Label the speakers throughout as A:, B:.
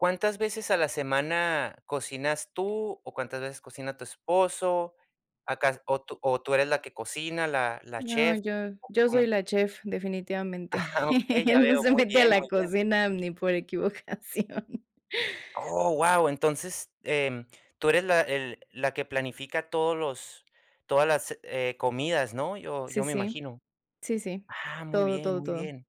A: ¿Cuántas veces a la semana cocinas tú o cuántas veces cocina tu esposo? A cas o tú o tú eres la que cocina, la la
B: No,
A: chef,
B: yo
A: ¿o
B: yo soy
A: cómo?
B: la chef, definitivamente.
A: Ajá, okey, ya
B: Él no
A: veo.
B: se
A: Muy
B: mete a
A: bien,
B: la
A: muy bien.
B: cocina ni por equivocación.
A: Oh, guau. Entonces, em, tú eres la el la que planifica todos los todas las, eh, comidas, ¿no? Yo
B: Sí,
A: yo me
B: sí.
A: imagino.
B: Sí, sí.
A: Ah, muy
B: Todo,
A: bien,
B: todo,
A: muy
B: todo.
A: bien.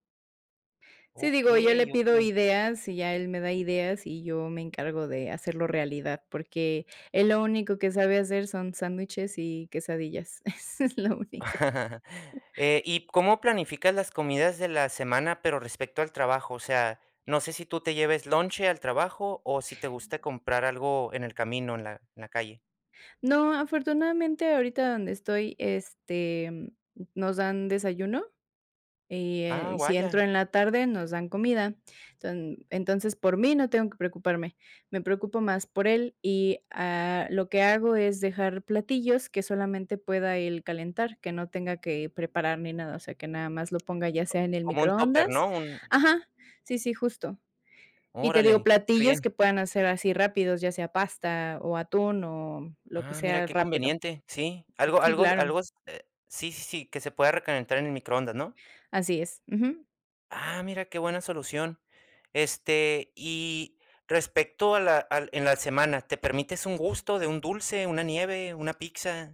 B: Sí, digo, yo le
A: Okey,
B: pido
A: okey.
B: ideas y ya él me da ideas y yo me encargo de hacerlo realidad, porque él lo único que sabe hacer son sándwiches y quesadillas. Eso es lo único.
A: Eh, y ¿cómo planificas las comidas de la semana, pero respecto al trabajo? O sea, ¿no sé si tú te lleves lonche al trabajo o si te gusta comprar algo en el camino, en la en la calle?
B: No, afortunadamente, ahorita donde estoy, este, nos dan desayuno. Eh,
A: Ah,
B: y si entro
A: vaya.
B: en la tarde nos dan comida. Enton entonces por mí, no tengo que preocuparme. Me preocupo más por él y, ah, lo que hago es dejar platillos que solamente pueda él calentar, que no tenga que preparar ni nada, o sea, que nada más lo ponga ya sea en el
A: Co como un tóper, ¿no?,
B: microondas
A: un
B: Ajá, sí, sí, justo. Y te digo,
A: Órale, que
B: platillos que
A: bien.
B: puedan hacer así rápidos, ya sea pasta o atún, o lo que
A: Ah, mira,
B: sea
A: qué
B: rápido.
A: conveniente. Sí, algo
B: Sí,
A: algo
B: claro.
A: algo s eh, sí, sí, sí, que se pueda recalentar en el microondas, ¿no?
B: Así es, ujú.
A: Ah, mira qué buena solución. Este, y respecto a la al en la semana, ¿te permites un gusto de un dulce, una nieve, una pizza?